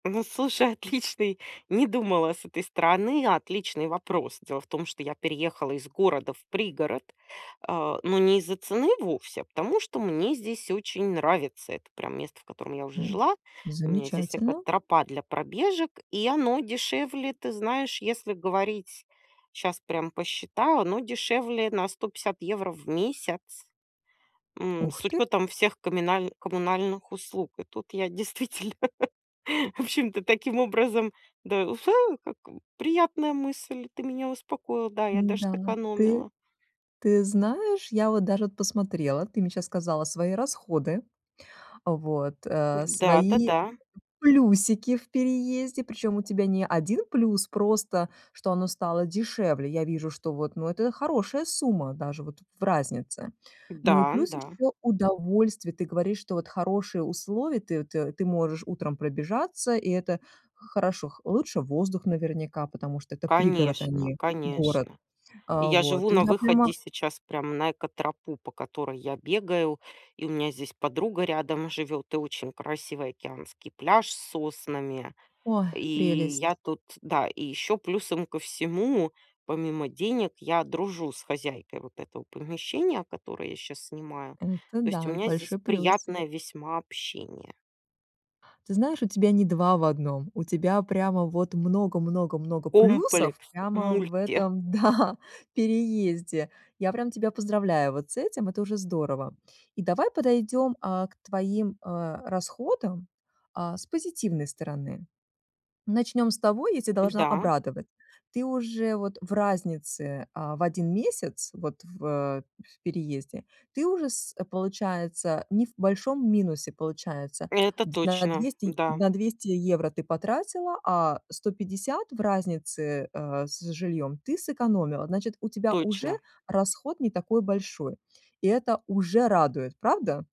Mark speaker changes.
Speaker 1: Ну, слушай, отличный- не думала с этой стороны- отличный вопрос. Дело в том, что я переехала из города в пригород, а, но не из-за цены вовсе, а потому что мне здесь очень нравится. Это прям место, в котором я уже
Speaker 2: М.
Speaker 1: жила. У меня здесь
Speaker 2: Замечательно.
Speaker 1: экотропа для пробежек, и оно дешевле. Ты знаешь, если говорить, щас прям посчитала- оно дешевле на 150 в месяц. М,
Speaker 2: Ух
Speaker 1: с
Speaker 2: ты!
Speaker 1: учетом всех коминальн коммунальных услуг. И тут я действительно, в общем-то, таким образом, да как, приятная мысль. Ты меня успокоила. Да, я даже
Speaker 2: Н-да, ты
Speaker 1: сэкономила.
Speaker 2: ты знаешь, я вот даже вот посмотрела. Ты мне щас сказала свои расходы, вот, э, свои
Speaker 1: Да-да-да.
Speaker 2: плюсики в переезде, причём у тебя не 1 плюс, просто что оно стало дешевле. Я вижу, что вот, ну, это хорошая сумма даже вот в разнице. Ну и
Speaker 1: Да,
Speaker 2: плюс
Speaker 1: да.
Speaker 2: ещё удовольствие, ты говоришь, что вот хорошие условия, ты ты ты можешь утром пробежаться, и это х хорошо. Х лучше воздух наверняка, потому что это пригород, а
Speaker 1: Конечно,
Speaker 2: не город.
Speaker 1: конечно. И
Speaker 2: Э,
Speaker 1: я живу
Speaker 2: вот. И
Speaker 1: на
Speaker 2: я
Speaker 1: выходе
Speaker 2: понима.
Speaker 1: сейчас прямо на экотропу, по которой я бегаю, и у меня здесь подруга рядом живет, и очень красивый океанский пляж с соснами.
Speaker 2: Ой,
Speaker 1: И
Speaker 2: прелесть!
Speaker 1: я тут да, и еще плюсом ко всему, помимо денег, я дружу с хозяйкой вот этого помещения, которое я щас снимаю,
Speaker 2: Это
Speaker 1: то есть у
Speaker 2: да,
Speaker 1: меня здесь
Speaker 2: большой плюс.
Speaker 1: приятное весьма общение.
Speaker 2: Ты знаешь, у тебя не 2 в 1, у тебя прямо вот много много много плюсов
Speaker 1: Комплекс,
Speaker 2: прямо в
Speaker 1: мульти.
Speaker 2: этом, да, переезде. Я прям тебя поздравляю вот с этим, это уже здорово. И давай подойдем, а, к твоим, э, расходам, э, с позитивной стороны. Начнем с того, я тя должна
Speaker 1: Да.
Speaker 2: обрадовать. Ты уже вот в разнице, а, в 1 месяц, вот в в переезде, ты уже с получается не в большом минусе получается,
Speaker 1: Это
Speaker 2: д на
Speaker 1: точно.
Speaker 2: 200
Speaker 1: Да.
Speaker 2: на 200 евро ты потратила, а 150 в разнице, э, с жильём ты сэкономила. Значит, у тебя уже
Speaker 1: Точно.
Speaker 2: расход не такой большой. И это уже радует, правда?